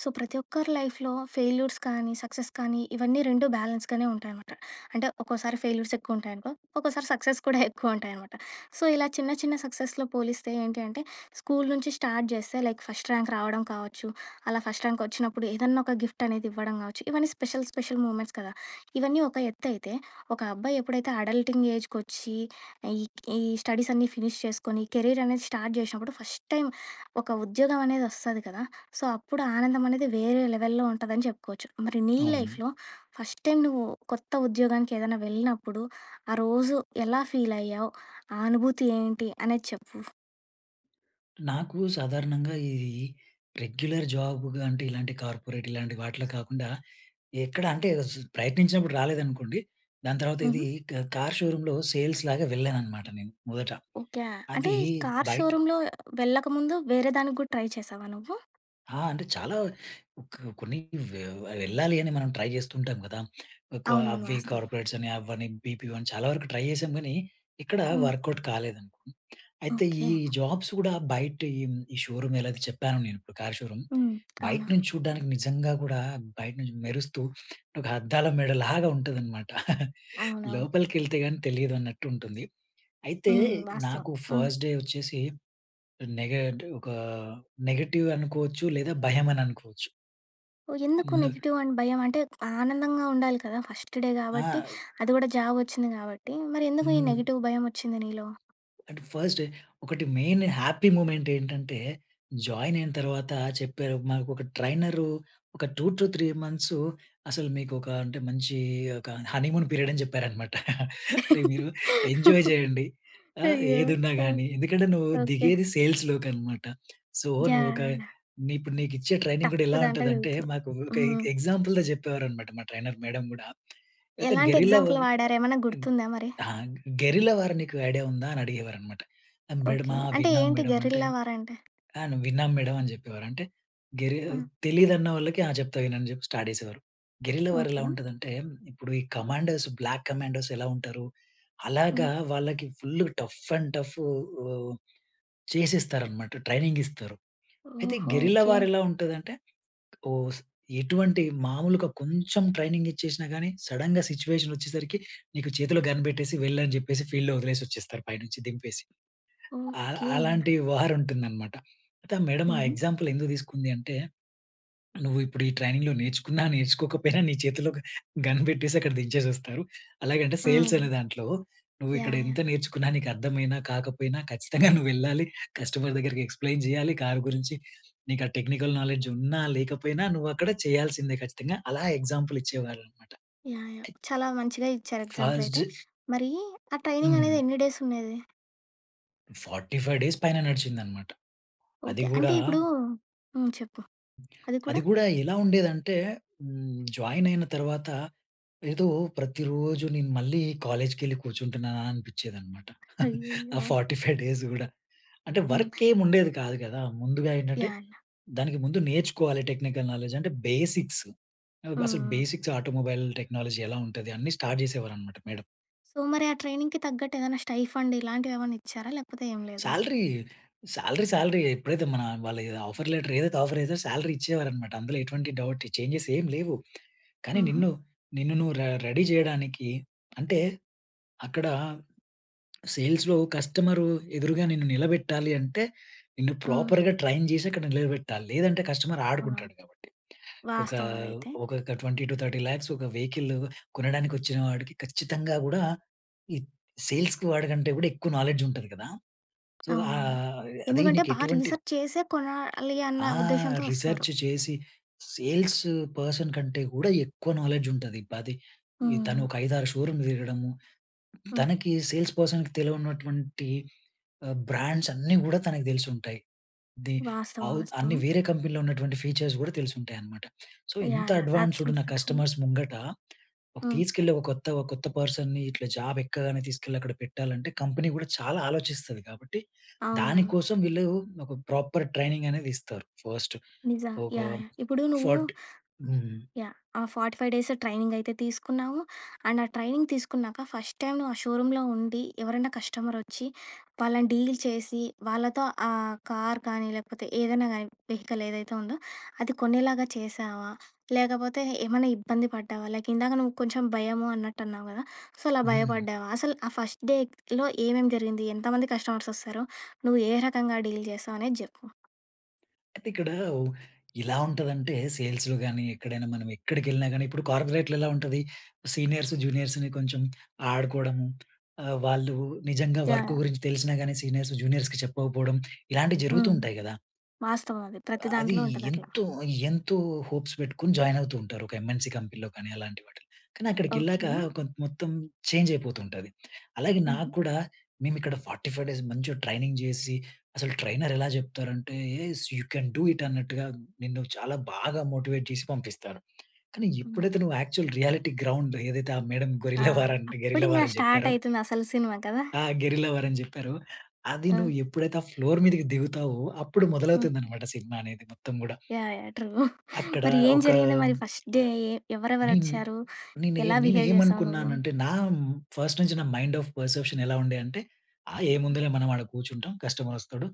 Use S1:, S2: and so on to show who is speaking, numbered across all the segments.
S1: So ప్రతి ఒక్కరి లైఫ్‌లో ఫెయిల్యూర్స్ కానీ సక్సెస్ కానీ ఇవన్నీ 2 బ్యాలెన్స్‌గానే ఉంటాయనమాట. అంటే, ఒక్కోసారి ఫెయిల్యూర్స్ ఎక్కువుంటాయనుకో, ఒక్కోసారి సక్సెస్ కూడా ఎక్కువుంటాయనమాట. సో ఇలా చిన్న చిన్న సక్సెస్‌లో పోలిస్తే ఏంటి అంటే స్కూల్ నుంచి స్టార్ట్ చేస్తే లైక్ ఫస్ట్ ర్యాంక్ రావడం కావచ్చు, అలా ఫస్ట్ ర్యాంక్ వచ్చినప్పుడు ఏదన్నా ఒక గిఫ్టనేది ఇవ్వడం కావచ్చు, ఇవన్నీ స్పెషల్, స్పెషల్ మూమెంట్స్ కదా! ఇవన్నీ ఒక ఎత్తయితే ఒక అబ్బాయి ఎప్పుడైతే అడల్టింగ్ ఏజ్‌కి వచ్చి ఈ ఈ స్టడీసన్నీ ఫినిష్ చేసుకొని కెరీరనేది స్టార్ట్ జేశినప్పుడు ఫస్ట్ టైం ఒక ఉద్యోగం అనేదొస్తది కదా! సో అప్పుడు ఆనందం అనేది వేరే లెవెల్‌లో ఉంటదని చెప్పుకోవచ్చు. మరి నీ
S2: అవును.
S1: లైఫ్‌లో ఫస్ట్ టైం నువ్వు కొత్త ఉద్యోగానికేదైనా వెళ్ళినప్పుడు ఆ రోజు ఎలా ఫీల్ అయ్యావు? ఆ అనుభూతి ఏంటి? అనేది చెప్పు.
S2: నాకు సాధారణంగా ఈ ఈ రెగ్యులర్ జాబ్‌గా అంటే ఇలాంటి కార్పొరేట్ ఇలాంటి వాటిలో కాకుండా ఎక్కడ అంటే స్ ప్రయత్నించినప్పుడు రాలేదనుకోండి, దాని తర్వాత ఇది
S1: హుహు.
S2: కా కార్ షోరూంలో సేల్స్‌లాగా వెళ్ళానన్నమాట నేను మొదట.
S1: ఓకే. అంటే
S2: అది
S1: ఈ కార్
S2: బయట
S1: షోరూమ్‌లో వెళ్ళకముందు వేరే దానికి కూడా ట్రై చేశావా నువ్వు?
S2: ఆ! అంటే చాలా కొ కొన్ని వె వెళ్ళాలి అని మనం ట్రై చేస్తూ ఉంటాం కదా! ఒక
S1: అవునవును.
S2: అవి
S1: వాస్తవం.
S2: కార్పొరేట్స్ అని అవనీ బీపీఓ అని చాలా వరకు ట్రై చేసాం కానీ, ఎక్కడ
S1: హ్మ్.
S2: వర్క్‌ఔట్ కాలేదండి. అయితే ఈ
S1: ఓకే.
S2: జాబ్స్ కూడా బయట ఈ ఈ షోరూమ్ ఎలాగో చెప్పానో నేను ఇప్పుడు కార్ షోరూమ్.
S1: హ్మ్.
S2: బయట
S1: అవునవును.
S2: నుంచి చూడడానికి నిజంగా కూడా బయట నుంచి మెరుస్తూ ఒక అద్దాల మేడలాగా ఉంటదనమాట.
S1: అవునవును.
S2: లోపలికెళితే కాని తెలియదన్నట్టు ఉంటుంది. అయితే
S1: హ్మ్. వాస్తవం.
S2: నాకు
S1: హ్మ్.
S2: ఫస్ట్‌ డే వచ్చేసి నెగె అంటే ఒక నెగెటివ్ అనుకోవచ్చు. లేదా భయం అని అనుకోవచ్చు.
S1: ఓహ్! ఎందుకు
S2: ముందు
S1: నెగెటివ్ అని భయం? అంటే ఆనందంగా ఉండాలి కదా! ఫస్ట్‌ డే కాబట్టి.
S2: ఆ!
S1: అది కూడా జాబొచ్చింది కాబట్టి. మరి ఎందుకు ఈ
S2: హ్మ్.
S1: నెగెటివ్ భయం వచ్చింది నీలో?
S2: అంటే ఫస్ట్ ఒకటి మెయిన్ హ్యాపీ మూమెంట్ ఏంటంటే జాయిన్ అయిన తర్వాత చెప్పారు మాకు. ఒక ట్రైనరు ఒక 2-3 మంత్సు అసలు మీకొక అంటే మంచి ఒక హనీమూన్ పీరియడ్ అని చెప్పారనమాట. అంటే, "మీరు ఎంజాయ్ చేయండి. ఆహ్,
S1: అయ్యో!
S2: ఏదున్నా
S1: ఆ!
S2: గానీ. ఎందుకంటే నువ్వు
S1: ఓకె!
S2: దిగేది సేల్స్‌లోకనమాట. So
S1: yeah!
S2: నువ్వొక
S1: యాహ్!
S2: నే ఇప్పుడు నీకిచ్చే ట్రైనింగ్ కూడా
S1: టఫ్
S2: ఎలా
S1: దాంట్లోకి
S2: ఉంటదంటే"
S1: దిగుతున్నావు.
S2: మాకు ఒక ఎ
S1: హ్మ్.
S2: ఎగ్జాంపుల్‌గా చెప్పేవారనమాట మా ట్రైనర్ మేడం గూడా. అయితే
S1: ఎలాంటి
S2: "గెరిల్లా
S1: ఎగ్జాంపుల్
S2: వం
S1: వాడారు? ఏమన్నా
S2: ఇం
S1: గుర్తుందా మరి?
S2: ఆ! గెరిల్లా వార్ నీకు ఐడియా ఉందా?" అని అడిగేవారనమాట.
S1: ఓకె.
S2: మేడమా!
S1: అంటే
S2: విన్నాం
S1: ఏంటి
S2: మేడం". అంటే
S1: గెరిల్లా వార్ అంటే?
S2: "ఆ! నేను విన్నాం మేడం" అని చెప్పేవారు. అంటే గెరి
S1: ఆ!
S2: తెలీదన్న వాళ్ళకి, "ఆ! చెప్తా విను" అని చెప్పి స్టార్ట్ చేసేవారు. గెరిల్లా వార్ ఎలా
S1: ఓకె.
S2: ఉంటదంటే ఇప్పుడు ఈ కమాండర్స్ బ్లాక్ కమాండర్స్ ఎలా ఉంటారు? అలాగా
S1: హ్మ్.
S2: వాళ్ళకి ఫుల్ టఫ్ అండ్ టఫ్ ఆహ్ చేసిస్తారన్నమాట, ట్రైనింగ్ ఇస్తారు. అయితే
S1: ఓహో!
S2: Guerrilla
S1: okay.
S2: వార్ ఎలా ఉంటదంటే ఓస్ ఎటువంటి మామూలుగా కొంచెం ట్రైనింగ్ ఇచ్చేసినా కానీ సడెన్‌గా సిట్యుయేషనొచ్చేసరికి నీకు చేతిలో గన్ పెట్టేసి వెళ్ళని చెప్పేసి ఫీల్డ్‌లో వదిలేసొచ్చేస్తారు పైనుంచి దింపేసి. ఆ!
S1: ఓకే.
S2: అలాంటి వార్ ఉంటుందనమాట. అయితే మేడం ఆ
S1: హుహు.
S2: ఎక్సాంపుల్ ఎందుకు తీసుకుంది అంటే, "నువ్విప్పుడు ఈ ట్రైనింగ్‌లో నేర్చుకున్నా నేర్చుకోకపోయినా నీ చేతుల్లోకి గన్ పెట్టేసి అక్కడ దించేసొస్తారు. అలాగంటే
S1: ఆ!
S2: సేల్స్ అనే దాంట్లో నువ్విక్కడ
S1: యాహ్! యాహ్!
S2: ఎంత నేర్చుకున్నా నీకర్థమైనా కాకపోయినా ఖచ్చితంగా నువ్వెళ్ళాలి కస్టమర్ దగ్గరికి, ఎక్స్‌ప్లెయిన్ చేయాలి కార్ గురించి. నీకా టెక్నికల్ నాలెడ్జ్ ఉన్నా లేకపోయినా నువ్వక్కడ చేయాల్సిందే ఖచ్చితంగా". అలా ఎగ్జాంపుల్ ఇచ్చేవారనమాట.
S1: యాహ్! యాహ్! చాలా మంచిగా ఇచ్చారు ఎగ్జాంపుల్
S2: ఫస్ట్
S1: అయితే.
S2: జ్
S1: మరీ, ఆ ట్రైనింగ్ అనేది
S2: హ్మ్.
S1: ఎన్ని డేస్ ఉండేది?
S2: 45 డేస్ పైన నడిచిందనమాట. అది
S1: ఓకే. అంటే
S2: గూడా...
S1: ఇప్పుడు హ్మ్, చెప్పు అది
S2: అది
S1: కూడా
S2: గూడా ఎలా ఉండేదంటే, హ్మ్, జాయిన్ అయిన తర్వాత ఏదో ప్రతిరోజు నేను మళ్ళీ కాలేజ్‌కి ఎళ్ళి కూర్చుంటున్నానా? అనిపిచ్చేదనమాట. ఆ
S1: అయ్యయ్యో!
S2: 45 డేస్ గూడా. అంటే
S1: హ్మ్.
S2: వర్క్ ఏం ఉండేది కాదు గదా! ముందుగా ఏంటంటే,
S1: యాహ్!
S2: దానికి ముందు నేర్చుకోవాలి టెక్నికల్ నాలెడ్జ్. అంటే బేసిక్స్
S1: హ్మ్,
S2: అసలు
S1: హ్మ్.
S2: బేసిక్స్ ఆటోమొబైల్ టెక్నాలజీ ఎలా ఉంటది? అన్నీ స్టార్ట్ జేసేవారన్నమాట మేడం.
S1: సో మరి ఆ ట్రైనింగ్‌కి తగ్గట్టు, ఏదైనా స్టై ఫండ్ ఏమన్నా ఇచ్చారా? లేకపోతే ఏమి లేదా?
S2: సాలరీ, సాలరీ సాలరియే. ఎప్పుడైతే మన వాళ్ళ ఎ ఆఫర్ లెటర్ ఏదైతే ఆఫర్ ఏదో సాలరీ ఇచ్చేవారన్నమాట. అందులో ఎటువంటి డౌట్, ఛేంజెస్ ఏం లేవు. కానీ
S1: హుహు.
S2: నిన్ను, నిన్ను నువ్వు రె రెడీ చేయడానికి, అంటే అక్కడ సేల్స్‌లో, కస్టమర్ ఎదురుగా నిన్ను నిలబెట్టాలి అంటే, నిన్ను
S1: హ్మ్.
S2: ప్రాపర్‌గా ట్రైన్ జేసి అక్కడ నిలబెట్టాలి. లేదంటే కస్టమర్ ఆడుకుంటాడు కాబట్టి. ఒక
S1: వాస్తవం అదైతే.
S2: ఒకొక్క 20-30 లాక్స్ ఒక వెహికల్ కొనడానికి వచ్చిన వాడికి, ఖచ్చితంగా గూడా ఈ సేల్స్‌కి వాడికంటే కూడా ఎక్కువ నాలెడ్జ్ ఉంటది గదా! సో
S1: అవునవును.
S2: ఆహ్, అదే
S1: ఎందుకంటే
S2: నీకు
S1: బా
S2: ఎటువంటి
S1: రిసర్చ్ చేసే కొనాలి అన్న
S2: ఆ!
S1: ఉద్దేశ్యంతో వస్తారు.
S2: రిసర్చ్ చేసి సేల్స్ పర్సన్ కంటే గూడా ఎక్కువ నాలెడ్జ్ ఉంటది. 10 తను
S1: హ్మ్.
S2: ఒక 5, 6 షోరూంలు తిరగడము. తనకి సేల్స్ పర్సన్‌కి తెలవనటువంటి ఆహ్, బ్రాండ్స్ అన్నీ గూడా తనకు తెలిసి ఉంటాయి. ది
S1: వాస్తవం.
S2: అవు అన్ని
S1: వాస్తవం.
S2: వేరే కంపెనీలో ఉన్నటువంటి ఫీచర్స్ గూడా తెలిసి ఉంటాయి అనమాట. సో ఇంత
S1: యాహ్! యాహ్!
S2: అడ్వాన్స్డ్ ఉన్న
S1: ఆబ్సల్యూట్లీ ట్రూ.
S2: కస్టమర్స్ ముంగట,
S1: హ్మ్.
S2: తీసుకెళ్ళి ఒక కొత్త, కొత్త పర్సన్‌ని ఇట్లా జాబ్ ఎక్కగానే తీసుకెళ్ళి అక్కడ పెట్టాలంటే, కంపెనీ కూడా చాలా ఆలోచిస్తది కాబట్టి,
S1: అవునవును.
S2: దానికోసం వీళ్ళు ఒక ప్రాపర్ ట్రైనింగ్ అనేది ఇస్తారు. ఫస్ట్
S1: నిజం,
S2: ఒక
S1: యాహ్! ఇప్పుడు నువ్వు
S2: ఫార్ట్ హ్మ్.
S1: యాహ్! ఆ 45 డేస్ ట్రైనింగ్ అయితే తీసుకున్నావు. అండ్ ఆ ట్రైనింగ్ తీసుకున్నాక, ఫస్ట్ టైం నువ్వు ఆ షోరూం‌లో ఉండి, ఎవరైనా కస్టమర్ వచ్చి వాళ్ళని డీల్ చేసి, వాళ్ళతో ఆ కార్ కానీ లేకపోతే ఏదైనా కానీ వెహికల్ ఏదైతే ఉందో, అది కొనేలాగా చేశావా? లేకపోతే ఏమన్నా ఇబ్బంది పడ్డావా? లైక్ ఇందాక నువ్వు కొంచెం భయము అన్నట్టు అన్నావు కదా! సో అలా
S2: హ్మ్.
S1: భయపడ్డావా? అసలు ఆ ఫస్ట్ డేలో ఏమేం జరిగింది? ఎంతమంది కస్టమర్స్ వస్తారో? నువ్వు ఏ రకంగా డీల్ చేశావనేది చెప్పు.
S2: అయితే ఇక్కడ, ఉ ఎలా ఉంటదంటే సేల్స్‌లో గాని, ఎక్కడైనా మనం ఎక్కడికెళ్ళినా గాని, ఇప్పుడు కార్పొరేట్‌‌లో ఎలా ఉంటది? సీనియర్స్, జూనియర్స్‌ని కొంచెం ఆడుకోవడం, ఆహ్, వాళ్ళు నిజంగా వర్క్
S1: యాహ్!
S2: గురించి తెలిసినా గాని సీనియర్స్, జూనియర్స్‌కి చెప్పకపోవడం ఇలాంటివి జరుగుతూ
S1: హ్మ్.
S2: ఉంటాయి కదా!
S1: వాస్తవం అది ప్రతి
S2: అది
S1: దాంట్లో ఉంటది అట్లా.
S2: ఎంతో, ఎంతో హోప్స్ పెట్టుకొని జాయిన్ అవుతూ ఉంటారు. ఒక ఎంఎన్‌సీ కంపెనీలో కానీ అలాంటి వాటిలో. కానీ అక్కడికి వెళ్ళాక
S1: ఓకే.
S2: కొం మొత్తం చేంజ్ అయిపోతుంటది. అలాగే
S1: హుహు.
S2: నాగ్గుడా మేము ఇక్కడ 45 డేస్ మంచిగా ట్రైనింగ్ జేసి, అసలు ట్రైనర్ ఎలా జెప్తారంటే, యూ కెన్ డూ ఇట్ అన్నట్టుగా, నిన్ను చాలా బాగా మోటివేట్ చేసి పంపిస్తారు. కానీ
S1: హ్మ్.
S2: ఎప్పుడైతే నువ్వు యాక్చువల్ రియాలిటీ గ్రౌండ్ ఏదైతే ఆ మేడమ్
S1: ఆ!
S2: గొరిల్లా వార్ అండ్
S1: అప్పుడు
S2: గెరిల్లా
S1: ఇంకా
S2: వార్ అని
S1: స్టార్ట్
S2: చెప్పారో.
S1: అయితుంది అసలు సినిమా. కదా!
S2: ఆ! గెరిల్లా వార్ అని చెప్పారో, అది నువ్వు
S1: ఆ!
S2: ఎప్పుడైతే ఆ ఫ్లోర్ మీదకి దిగుతావో, అప్పుడు
S1: హ్మ్.
S2: మొదలవుతుందనమాట సినిమా అనేది మొత్తం గూడా.
S1: యాహ్! యాహ్! ట్రూ.
S2: అక్కడ
S1: మరి ఏం
S2: ఒక
S1: జరిగింది? మరి ఫస్ట్
S2: హ్మ్,
S1: డే ఎ ఎవరెవరు
S2: నేన్
S1: వచ్చారు?
S2: నేనే
S1: ఎలా బిహేవ్ చేసావు నువ్వు?
S2: నేనేమనుకున్నానంటే నా హ్మ్, ఫస్ట్ నుంచి నా మైండ్ ఆఫ్ పర్సెప్షన్ ఎలా ఉండే అంటే ఆహ్, ఏముందిలే మనం ఆడ కూర్చుంటాం. కస్టమర్ వస్తడు.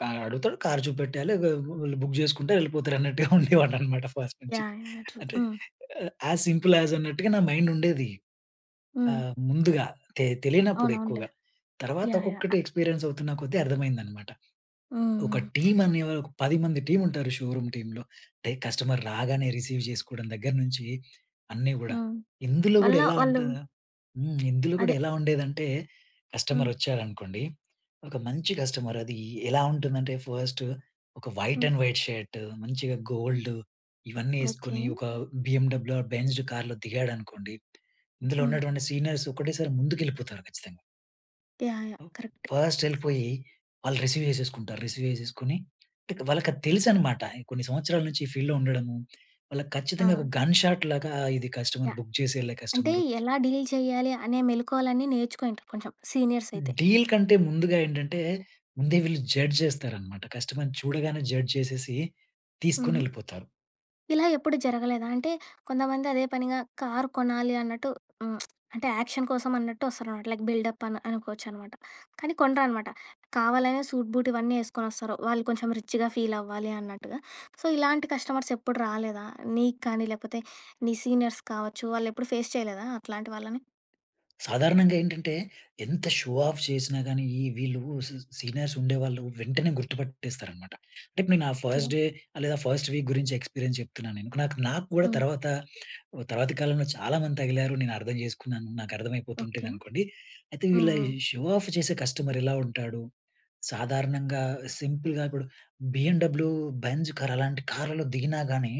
S2: కార్ అడుగుతడు. కార్ చూపెట్టాలె. వ వాళ్ళు బుక్ చేసుకుంటరు. వెళ్ళిపోతరు అన్నట్టుగా ఉండేవాడినమాట ఫస్ట్ నుంచి.
S1: యాహ్! యాహ్! యాహ్! ట్రూ.
S2: అంటే
S1: హ్మ్.
S2: యాస్ సింపుల్ యాస్ అన్నట్టుగా నా మైండ్ ఉండేది.
S1: హ్మ్.
S2: ఆహ్, ముందుగా తె తెలియనప్పుడు
S1: అవునవునులే.
S2: ఎక్కువగా. తర్వాత
S1: యాహ్!
S2: ఒక్కొక్కటి
S1: యాహ్!
S2: ఎక్స్పీరియన్స్ అవుతున్న కొద్దీ అర్థమైందన్నమాట.
S1: హ్మ్,
S2: ఒక
S1: హ్మ్.
S2: టీమ్ అనే ఒక 10 మంది టీమ్ ఉంటారు, షోరూం టీంలో. అంటే కస్టమర్ రాగానే రిసీవ్ చేసుకోవడం దగ్గరనుంచి అన్నీ గూడా.
S1: హ్మ్.
S2: ఇందులో గూడా
S1: వల్ల
S2: ఎలా
S1: వాళ్ళు
S2: ఉంటది హ్మ్, ఇందులో కూడా
S1: అదే.
S2: ఎలా ఉండేదంటే కస్టమర్
S1: హ్మ్.
S2: వచ్చాడనుకోండి. ఒక మంచి కస్టమర్ అది ఎలా ఉంటుందంటే, ఫస్ట్ ఒక వైట్
S1: హ్మ్.
S2: అండ్ వైట్ షర్ట్, మంచిగా గోల్డ్ ఇవన్నీ
S1: ఓకే.
S2: వేసుకొని ఒక బిఎమ్‌డబ్ల్యూ ఆర్ బెంజ్ కార్‌లో దిగాడనుకోండి. ఇందులో
S1: హ్మ్.
S2: ఉన్నటువంటి సీనియర్స్ ఒకటేసారి ముందుకు వెళ్ళిపోతారు, ఖచ్చితంగా.
S1: యాహ్! యాహ్! కరెక్ట్.
S2: ఫస్ట్ ఎళ్ళిపోయి, వాళ్ళు రిసీవ్ చేసేసుకుంటారు. రిసీవ్ చేసేసుకొని వాళ్ళకి అది తెలుసు అన్నమాట. కొన్ని సంవత్సరాల నుంచి ఈ ఫీల్డ్‌లో ఉండడము, వాళ్ళకి ఖచ్చితంగా ఒక
S1: ఆ!
S2: గన్ షాట్ లాగా ఇది కస్టమర్
S1: యాహ్!
S2: బుక్ చేసి ఎళ్ళే
S1: అంటే
S2: కస్టమరు
S1: ఎలా డీల్ చేయాలి, అనే మెళకువలన్ని నేర్చుకో ఇంకా కొంచెం సీనియర్స్ అయితే.
S2: డీల్ కంటే ముందుగా ఏంటంటే, ముందే వీళ్ళు జడ్జ్ చేస్తారన్నమాట. కస్టమర్‌ని చూడగానే జడ్జ్ చేసేసి తీసుకొని
S1: హుహు.
S2: ఎళ్ళిపోతారు.
S1: ఇలా ఎప్పుడు జరగలేదా? అంటే కొంతమంది అదే పనిగా కార్ కొనాలి అన్నట్టు, అంటే, యాక్షన్ కోసం అన్నట్టు వస్తారన్నమాట. లైక్ బిల్డప్ అన్ అనుకోవచ్చునమాట. కానీ కొనరనమాట. కావాలనే సూట్ బూట్ ఇవన్నీ ఎసుకొని వస్తారు. వాళ్ళు కొంచెం రిచ్‌గా ఫీల్ అవ్వాలి అన్నట్టుగా. సో, ఇలాంటి కస్టమర్స్ ఎప్పుడు రాలేదా? నీకు కానీ, లేకపోతే నీ సీనియర్స్‌కి కావచ్చు, వాళ్ళు ఎప్పుడు ఫేస్ చేయలేదా అట్లాంటి వాళ్ళని?
S2: సాధారణంగా ఏంటంటే, ఎంత షో ఆఫ్ చేసినా గాని ఈ వీళ్ళు సీ సీనియర్స్ ఉండేవాళ్ళు వెంటనే గుర్తుపట్టేస్తారన్నమాట. లైక్, నేను ఆ ఫస్ట్
S1: ఓకే.
S2: డే లేదా, ఫస్ట్ వీక్ గురించి ఎక్స్పీరియన్స్ చెప్తున్నాను నేను. నాక్ నాకు కూడా
S1: హ్మ్.
S2: తర్వాత, తర్వాత కాలంలో చాలా మంది తగిలారు, నేను అర్థం చేసుకున్నాను, నాకు
S1: ఓకే.
S2: అర్థమైపోతుంటదనుకోండి. అయితే,
S1: హ్మ్,
S2: వీళ్ళ
S1: హ్మ్.
S2: ఈ షో ఆఫ్ చేసే కస్టమర్ ఎలా ఉంటాడు, సాధారణంగా సింపుల్‌గా కూడా బీఎండబ్ల్యూ బెంజ్ కార్ అలాంటి కార్లలో దిగినా గాని,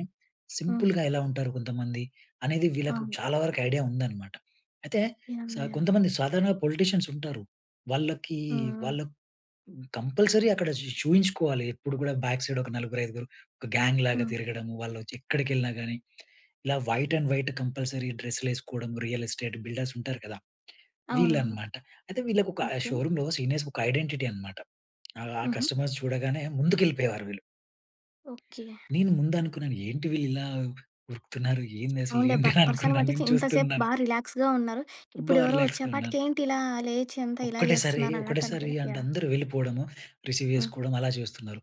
S1: హ్మ్.
S2: సింపుల్‌గా ఎలా ఉంటారు కొంతమంది. అనేది వీళ్ళకి
S1: అవును.
S2: చాలా వరకు ఐడియా ఉందన్నమాట. అయితే,
S1: యాహ్!
S2: సా
S1: యాహ్!
S2: కొంతమంది సాధారణ పొలిటీషియన్స్ ఉంటారు. వాళ్ళకి
S1: హ్మ్, హ్మ్.
S2: వాళ్ళు కంపల్సరీ అక్కడ చూ చూయించుకోవాలి. ఎప్పుడు కూడా బ్యాక్ సైడ్ ఒక నలుగురు, ఐదుగురు ఒక గ్యాంగ్ లాగా
S1: హ్మ్.
S2: తిరగడము, వాళ్ళోచి ఎక్కడికెళ్ళినా గాని, ఇలా వైట్ అండ్ వైట్ కంపల్సరీ డ్రెస్‌లు ఎసుకోవడం. రియల్ ఎస్టేట్ బిల్డర్స్ ఉంటారు కదా!
S1: అవునవును.
S2: వీళ్ళనమాట. అయితే వీళ్ళకి ఒక, ఆ
S1: ఓకే.
S2: షోరూమ్‌లో సీనియర్స్‌కి ఒక ఐడెంటిటీ అన్నమాట. ఆ
S1: హుహు.
S2: కస్టమర్స్ చూడగానే ముందుకెళ్ళిపోయేవారు వీళ్ళు.
S1: ఓకే.
S2: నేను, ముందు అనుకున్నాను, ఏంటి వీళ్ళు ఇలా ఉరుకుతున్నారు! ఏంది అసలు,
S1: అవునులే, బ
S2: ఏంటా అని
S1: పర్సన్
S2: అనుకున్నాను.
S1: బట్టి చే
S2: నేను
S1: ఇంత సేపు
S2: చూస్తున్నాను.
S1: బాగా రిలాక్స్ ఉన్నారు.
S2: బా
S1: ఇప్పుడు ఎవరో
S2: రిలాక్స్‌గా ఉన్నాను.
S1: వచ్చేపాటికి ఏంటి ఇలా, లేచి అంతా ఇలా
S2: ఒక్కటేసారి,
S1: చేస్తున్నారు అనట్టు
S2: ఒకటేసారి
S1: అనుకుని
S2: అంటే
S1: యాహ్!
S2: అందరూ వెళ్ళిపోవడము, రిసీవ్
S1: హ్మ్.
S2: చేసుకోవడం, అలా చేస్తున్నారు.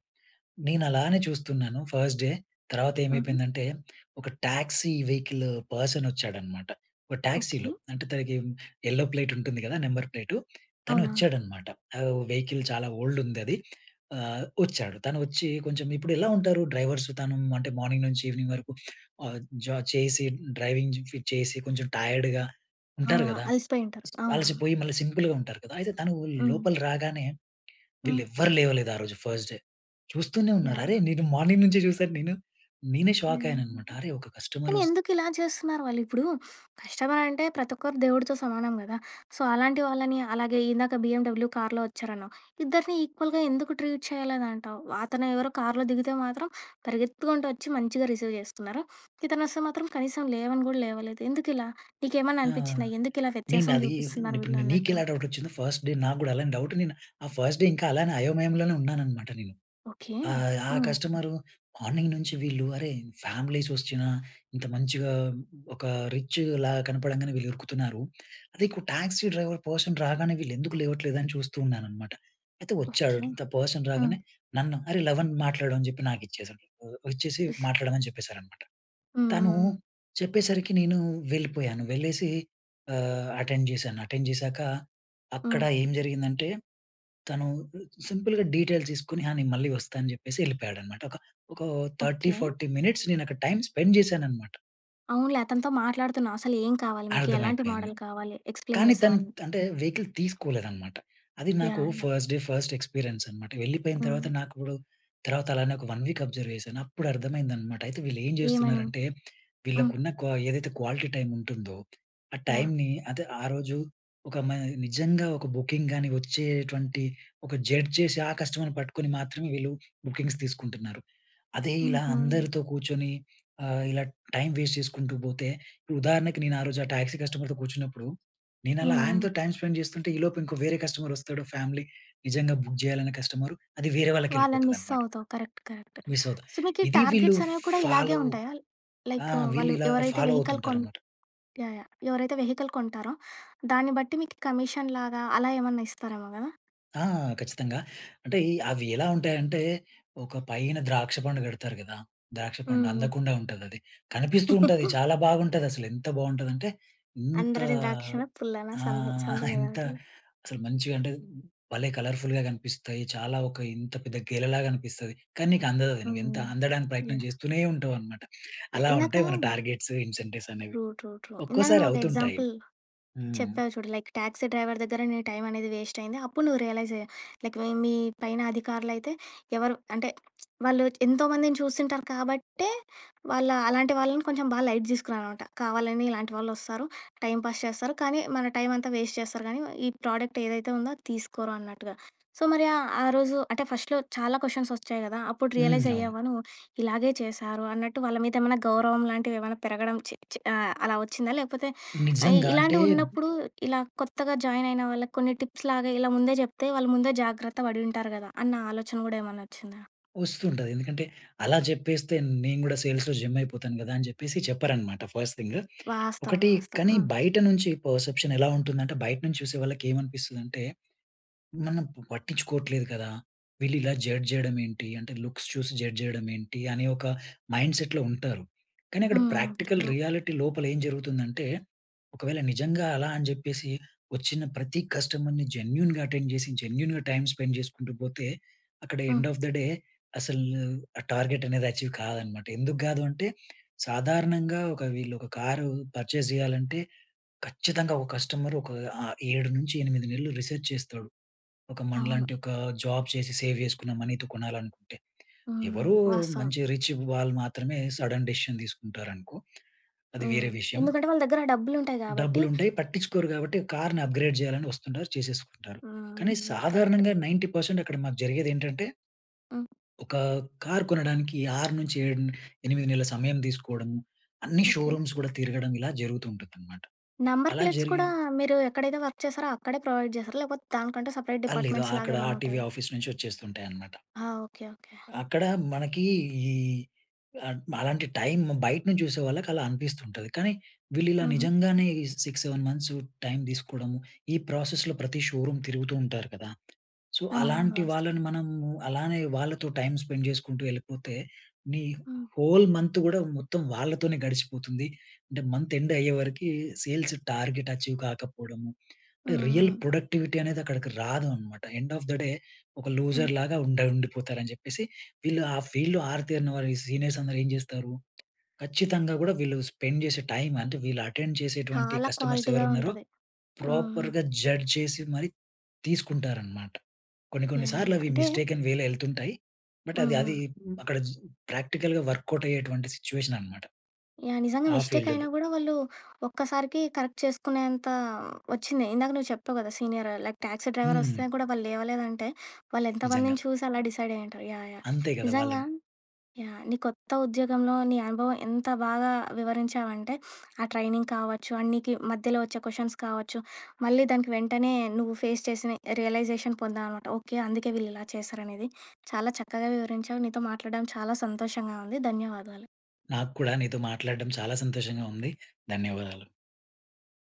S2: నేను అలానే చూస్తున్నాను ఫస్ట్ డే. తర్వాత
S1: హుహు.
S2: ఏమైపోయిందంటే, ఒక ట్యాక్సీ వెహికలు పర్సన్ వచ్చాడనమాట. ఒక
S1: ఓకే.
S2: ట్యాక్సీలో అంటే తనకి యెల్లో ప్లేట్ ఉంటుంది కదా! నెంబర్ ప్లేటు తను
S1: అవునవును.
S2: వచ్చాడనమాట. ఆహ్, వెహికిల్ చాలా ఓల్డ్ ఉందది. ఆహ్, వచ్చాడు. తను వచ్చి కొంచెం ఇప్పుడు ఎలా ఉంటారు డ్రైవర్స్ తను అంటే మార్నింగ్ నుంచి ఈవినింగ్ వరకు ఆహ్, జ చేసి, డ్రైవింగు చేసి, కొంచెం టైర్డ్‌గా ఉంటారు
S1: అవునా!
S2: కదా!
S1: అలిసిపోయి ఉంటారు.
S2: సీ
S1: అవునా!
S2: అలసిపోయి మళ్ళీ సింపుల్‌గా ఉంటారు కదా! అయితే తను
S1: హ్మ్.
S2: లోపలి రాగానే, వీళ్ళు
S1: హ్మ్.
S2: ఎవరు లేవలేదు ఆరోజు ఫస్ట్ డే. చూస్తూనే ఉన్నారు.
S1: యాహ్!
S2: అరేయ్! నేను మార్నింగ్ నుంచే చూసాను నేను. నేనే, షాక్
S1: హ్మ్.
S2: అయ్యాను అన్నమాట. అరే! ఒక కస్టమర్
S1: కానీ
S2: వస్
S1: ఎందుకు ఇలా చేస్తున్నారు వాళ్ళు? ఇప్పుడూ కస్టమర్ అంటే ప్రతి ఒక్కరు దేవుడితో సమానం కదా! సో, అలాంటి వాళ్ళని, అలాగే ఇందాక బిఏండబ్లు కార్‌లో వచ్చారన్నావు. ఇద్దరిని ఈక్వల్‌గా ఎందుకు ట్రీట్ చేయాలేదు అంటావు? అతను ఎవరో కార్‌లో దిగితే మాత్రం పరిగెత్తుకుంటూ, వచ్చి మంచిగా రిసీవ్ చేస్తున్నారు. ఇతను వస్తే మాత్రం, కనీసం లేవని కూడా లేవలేదు ఎందుకిలా? నీకేమన్నా
S2: ఆ!
S1: అనిపించిందా, ఎందుకు ఇలా
S2: నేను
S1: వ్యత్యాసం
S2: అది,
S1: చూపిస్తున్నారు
S2: ఇప్పుడు
S1: వీళ్ళు
S2: ని నీకు
S1: అన్నట్టు?
S2: ఎలా డౌట్ వచ్చిందో, ఫస్ట్ డే నాకు కూడా అలానే డౌట్. నేను ఆ ఫస్ట్ డే ఇంకా అలానే అయోమయంలోనే ఉన్నాననమాట నేను.
S1: ఓకే.
S2: ఆహ్, ఆ
S1: హ్మ్.
S2: కస్టమరు మార్నింగ్ నుంచి వీళ్ళు, అరే! ఫ్యామిలీస్ వచ్చినా, ఇంత మంచిగా ఒక రిచ్‌ల కనపడంగానే వీళ్ళు ఉరుకుతున్నారు. అదే ఇకు టాక్సీ డ్రైవర్ పర్సన్ రాగానే వీళ్ళు ఎందుకు లేవట్లేదు, అని చూస్తూ ఉన్నాననమాట. అయితే, వచ్చాడు,
S1: ఓకే.
S2: ద పర్సన్
S1: హ్మ్.
S2: రాగానే నన్ను, "అరే! లవన్ మాట్లాడు," అని చెప్పి నాకు ఇచ్చేసాడు. ఇచ్చేసి, మాట్లాడమని చెప్పేశారన్నమాట.
S1: హ్మ్, హ్మ్,
S2: తనూ,
S1: హ్మ్.
S2: చెప్పేసరికి నేను వెళ్ళిపోయాను. వెళ్ళేసి, ఆహ్, అటెండ్ చేశాను. అటెండ్ చేసాక, అక్కడ
S1: హ్మ్.
S2: ఏం జరిగిందంటే, తను లు సింపుల్‌గా డీటెయిల్ తీసుకొని, "ఆ నేను మళ్ళీ వస్తాను," అని చెప్పేసి వెళ్ళిపోయాడన్నమాట. ఒక, ఒక థర్టీ
S1: ఓకే.
S2: ఫార్టీ మినిట్స్ నేను ఒక టైమ్ స్పెండ్ చేశానన్నమాట.
S1: అవునులే, అతనితో మాట్లాడుతున్నా. అసలు ఏం కావాలి మీకు? ఎలాంటి
S2: అర్థమైపేయింది.
S1: మోడల్ కావాలి? ఎక్స్‌‌ప్లేన్
S2: కానీ
S1: చేసావు
S2: తన్
S1: అన్నీ.
S2: అంటే వెహికల్ తీసుకోలేదనమాట. అది నాకు
S1: యాహ్! అయిన
S2: ఫస్ట్ డే ఫస్ట్ ఎక్స్పీరియన్స్ అనమాట. వెళ్ళిపోయిన తర్వాత
S1: హ్మ్.
S2: నాకుడు తర్వాత, అలానే ఒక 1 వీక్ అబ్జర్వ్ చేశాను. అప్పుడు అర్థమైందనమాట, అయితే వీళ్ళు ఏం
S1: ఏమని?
S2: జేస్తున్నారంటే,
S1: హ్మ్.
S2: వీళ్ళకున్న క్వా ఏదైతే క్వాలిటీ టైమ్ ఉంటుందో, ఆ
S1: యాహ్!
S2: టైమ్‌ని అదె, ఆ రోజు ఒక మై నిజంగా ఒక బుకింగ్ గాని వచ్చేటువంటి, ఒక జడ్జ్ చేసి, ఆ కస్టమర్‌ని పట్టుకొని మాత్రమే వీళ్ళు బుకింగ్స్ తీసుకుంటున్నారు. అదే ఇలా
S1: హుహు.
S2: అందరితో, కూర్చొని ఆహ్, ఇలా టైమ్ వేస్ట్ చేసుకుంటూ పోతే, ఉదాహరణకి, నేను ఆరోజు ఆ టాక్సీ కస్టమర్‌తో కూర్చున్నప్పుడు, నేను అలా
S1: హ్మ్.
S2: ఆయనతో టైమ్ స్పెండ్ చేస్తుంటే, ఈలోపు ఇంకో వేరే కస్టమర్ వస్తాడు ఫ్యామిలీ. నిజంగా బుక్ చేయాలనే కస్టమరు. అది వేరే వాళ్ళకి
S1: వాళ్ళని మిస్
S2: ఎళ్ళిపోతదనమాట.
S1: అవుతావ్. Correct correct.
S2: మిస్ అవుతునయి.
S1: సో, మీకు ఈ
S2: ఇది వీళ్ళు
S1: టార్గెట్స్ అనేవి కూడా ఇలాగే
S2: ఫాలో
S1: ఉంటాయా?
S2: ఆ!
S1: లైక్
S2: వీళ్ళు
S1: వాళ్ళు
S2: ఇలా
S1: ఎవరైతే
S2: ఫాలో
S1: వెహికల్ కొన్
S2: అవుతుంటారన్నమాట.
S1: యాహ్! యాహ్! ఎవరైతే వెహికల్ కొంటారో, దాన్ని బట్టి మీకు కమీషన్ లాగా, అలా ఏమన్నా ఇస్తారేమో కదా!
S2: ఆ! ఖచ్చితంగా, అంటే, ఈ అవి ఎలా ఉంటాయంటే, ఒక పైన ద్రాక్ష పండు కడతారు కదా! ద్రాక్ష పండు
S1: హ్మ్.
S2: అందకుండా ఉంటదది. కనిపిస్తూ ఉంటది. చాలా బాగుంటుదసలు. ఎంత బావుంటదంటే, ఇంత
S1: అంద్రని ద్రాక్షనా పుల్లనా.
S2: ఆహ్,
S1: సంథి సంథింగ్ ఏదో
S2: ఎంత
S1: ఉంటది.
S2: అసలు మంచిగా అంటే భలే కలర్ఫుల్‌గా కనిపిస్తాయి. చాలా ఒక ఇంత పెద్ద గేలలాగా అనిపిస్తది. కానీ నీకు అందదది. నువ్వు
S1: హుహు.
S2: ఎంత అందడానికి ప్రయత్నం
S1: యాహ్!
S2: చేస్తూనే ఉంటావు అనమాట. అలా
S1: ఇందాకా
S2: ఉంటాయి మన టార్గెట్స్, ఇన్సెంటివ్స్ అనేవి.
S1: ట్రూ. ట్రూ. ట్రూ. ఇందాక
S2: ఒక్కోసారి
S1: నువ్వు ఒక
S2: అవుతుంటాయి.
S1: ఎక్సాంపుల్
S2: హ్మ్.
S1: చెప్పావు చూడు, లైక్ టాక్సీ డ్రైవర్ దగ్గర నీ టైం అనేది వేస్ట్ అయింది. అప్పుడు నువ్వు రియలైజ్ అయ్యావ్. లైక్ మీ పైన అధికారులైతే ఎవరు అంటే వాళ్ళు ఎంతోమందిని చూసుంటారు కాబట్టే, వాళ్ళ అలాంటి వాళ్ళని కొంచెం బా లైట్ తీసుకున్నానమాట. కావాలని ఇలాంటి వాళ్ళు వస్తారు, టైం పాస్ చేస్తారు, కానీ మన టైమ్ అంతా వేస్ట్ చేస్తారు కానీ, ఈ ప్రోడక్ట్ ఏదైతే ఉందో అది తీసుకోరు అన్నట్టుగా. సో, మరి ఆ ఆ రోజు అంటే ఫస్ట్‌లో చాలా కొషన్స్ వచ్చాయి కదా! అప్పుడు
S2: హ్మ్.
S1: రియలైజ్
S2: అవును.
S1: అయ్యావా నువ్వు. ఇలాగే చేశారు అన్నట్టు, వాళ్ళ మీద ఏమైనా గౌరవం లాంటివి ఏమన్నా పెరగడం, చి, చి ఆహ్, అలా వచ్చిందా లేపోతే ఆహ్,
S2: నిజంగా. అంటే
S1: ఇలాంటివి ఉన్నప్పుడు ఇలా కొత్తగా జాయిన్ అయిన వాళ్ళకి కొన్ని టిప్స్ లాగా ఇలా ముందే చెప్తే, వాళ్ళు ముందే జాగ్రత్త పడి ఉంటారు కదా! అన్న ఆలోచన కూడా ఏమన్నా వచ్చిందా?
S2: వస్తుంటది. ఎందుకంటే అలా చెప్పేస్తే నేను కూడా సేల్స్‌లో జెమ్ అయిపోతాను కదా! అని చెప్పేసి చెప్పరన్నమాట ఫస్ట్ థింగ్.
S1: వాస్తవం.
S2: ఒకటి
S1: వాస్తవం.
S2: కానీ,
S1: హ్మ్.
S2: బయట నుంచి పర్సెప్షన్ ఎలా ఉంటుందంటే, బయట నుంచి చూసే వాళ్ళకి ఏమనిపిస్తుందంటే, మనం పట్టించుకోవట్లేదు కదా! వీళ్ళు ఇలా జడ్జ్ చేయడం ఏంటి? అంటే లుక్స్ చూసి జడ్జ్ చేయడం ఏంటి? అనే ఒక మైండ్‌సెట్‌లో ఉంటారు. కానీ అక్కడ
S1: హ్మ్, హ్మ్.
S2: Practical
S1: true.
S2: రియాలిటీ లోపల ఏం జరుగుతుందంటే, ఒకవేళ నిజంగా అలా అని చెప్పేసి, వచ్చిన ప్రతి కస్టమర్‌ని జెన్యూన్‌గా అటెండ్ చేసి, జెన్యూన్‌గా టైమ్ స్పెండ్ చేసుకుంటూ పోతే, అక్కడ ఎండ్
S1: హ్మ్.
S2: ఆఫ్ ద డే అసలు ఆ టార్గెట్ అనేది అచీవ్ కాదనమాట. ఎందుకు కాదంటే, సాధారణంగా ఒక వీళ్ళు ,ఒక కారు పర్చేజ్ చేయాలంటే, ఖచ్చితంగా ఒక కస్టమర్ ఒక ఆ 7 నుంచి 8 నెలలు రిసర్చ్ చేస్తాడు. ఒక
S1: అవును.
S2: మనలాంటి ఒక జాబ్ చేసి, సేవ్ చేసుకున్న మనీతో కొనాలనుకుంటే.
S1: హ్మ్.
S2: ఎవరో
S1: వాస్తవం.
S2: మంచి రిచ్ వాళ్ళు మాత్రమే, సడన్ డిసిషన్ తీసుకుంటారనుకో. అది
S1: హ్మ్.
S2: వేరే విషయం.
S1: ఎందుకంటే వాళ్ళ దగ్గర డబ్బులుంటాయి. కాబట్టి
S2: డబ్బులుంటాయి. పట్టించుకోరు కాబట్టి, కార్‌ని అప్‌గ్రేడ్ చేయాలని వస్తుంటారు చేసేసుకుంటారు. కానీ
S1: హ్మ్. కరెక్టే.
S2: సాధారణంగా 90% అక్కడ మాకు జరిగేదేంటంటే
S1: హ్మ్.
S2: ఒక కార్ కొనడానికి 6 నుంచి 7, 8 నెలల సమయం తీసుకోవడం, అన్నీ
S1: ఓకే.
S2: షోరూమ్స్ కూడా తిరగడం. ఇలా జరుగుతూ ఉంటుందన్నమాట.
S1: నెంబర్
S2: అలా
S1: ప్లేట్స్
S2: జరిగి
S1: కూడా మీరు ఎక్కడైతే వర్క్ చేసారో, అక్కడే ప్రొవైడ్ చేస్తారా? లేకపోతే దానికంటూ సెపరేట్
S2: అ లేదు. ఆ
S1: డిపార్ట్మెంట్స్ లాగా
S2: అక్కడ
S1: ఏమన్నా
S2: ఆర్‌టివి
S1: ఉంటాయా?
S2: ఆఫీస్ నుంచి వచ్చేస్తుంటాయి అనమాట.
S1: ఆ! ఓకె. ఓకె.
S2: అక్కడ మనకి ఈ ఆహ్, అలాంటి టైమ్ బయట నుంచి చూసే వాళ్ళకి అలా అనిపిస్తుంటది. కానీ, వీళ్ళు ఇలా
S1: హుహు.
S2: నిజంగానే 6, 7 మంత్స్ టైమ్ తీసుకోవడము, ఈ ప్రాసెస్‌లో ప్రతి షోరూమ్ తిరుగుతూ ఉంటారు కదా! సో,
S1: అవునవును.
S2: అలాంటి
S1: వాస్తవం.
S2: వాళ్ళని మనం అలానే, వాళ్ళతో టైమ్ స్పెండ్ చేసుకుంటూ ఎళ్ళిపోతే, నీ
S1: హ్మ్.
S2: హోల్ మంత్ కూడా మొత్తం వాళ్ళతోనే గడిచిపోతుంది. అంటే మంత్ ఎండ్ అయ్యేవరకి, సేల్స్ టార్గెట్ అచీవ్ కాకపోవడము, అంటే
S1: హ్మ్,
S2: రియల్
S1: హ్మ్.
S2: ప్రొడక్టివిటీ అనేది అక్కడికి రాదు అన్నమాట. ఎండ్ ఆఫ్ ద డే ఒక
S1: హ్మ్.
S2: లూజర్ లాగా ఉండ ఉండిపోతారు అని చెప్పేసి, వీళ్ళు ఆ ఫీల్డ్‌లో ఆరితేరిన వారు, ఈ సీనియర్స్ అందరు ఏం చేస్తారు? ఖచ్చితంగా కూడా వీళ్ళు స్పెండ్ చేసే టైమ్, అంటే వీళ్ళు అటెండ్ చేసేటువంటి
S1: చాలా
S2: కస్టమర్స్
S1: క్వాలిటీగా
S2: ఎవరున్నరో,
S1: ఉంటది. ఆ! ఆ!
S2: ప్రాపర్‌గా జడ్జ్ చేసి మరి తీసుకుంటారన్నమాట. కొన్ని, కొన్ని
S1: యాహ్!
S2: సార్లు
S1: యాహ్!
S2: అవి
S1: అంటే
S2: మిస్టేకన్‌వేలో ఎళ్తుంటాయి. బట్
S1: హ్మ్.
S2: అది, అది
S1: హ్మ్.
S2: అక్కడ జీ ప్రాక్టికల్‌గా వర్కౌట్ అయ్యేటువంటి సిట్యుయేషన్ అన్నమాట,
S1: యాహ్! నిజంగా
S2: ఆ
S1: మిస్టేక్
S2: ఫీల్డ్‌లో.
S1: అయినా కూడా వాళ్ళు ఒక్కసారికి కరెక్ట్ చేసుకునేంత వచ్చింది. ఇందాక నువ్వు చెప్పావు కదా! సీనియర్ లైక్ టాక్సీ డ్రైవర్
S2: హ్మ్.
S1: వస్తే కూడా వాళ్ళు లేవలేదంటే, వాళ్ళు
S2: నిజంగా.
S1: ఎంతమందిని చూసి అలా డిసైడ్ అయ్యి ఉంటారు. యాహ్! యాహ్!
S2: అంతే కదా!
S1: నిజంగా
S2: వాళ్ళని
S1: యాహ్! నీ కొత్త ఉద్యోగంలో నీ అనుభవం ఎంత బాగా వివరించావంటే, ఆ ట్రైనింగ్ కావచ్చు, ఆ నీకి మధ్యలో వచ్చే క్వెషన్స్ కావచ్చు, మళ్ళీ దానికి వెంటనే నువ్వు ఫేస్ చేసిన రియలైజేషన్ పొందామనమాట. ఓకే అందుకే వీళ్ళు ఇలా చేశారనేది, చాలా చక్కగా వివరించావు. నీతో మాట్లాడడం చాలా సంతోషంగా ఉంది. ధన్యవాదాలు.
S2: నాకు కూడా నీతో మాట్లాడడం చాలా సంతోషంగా ఉంది. ధన్యవాదాలు.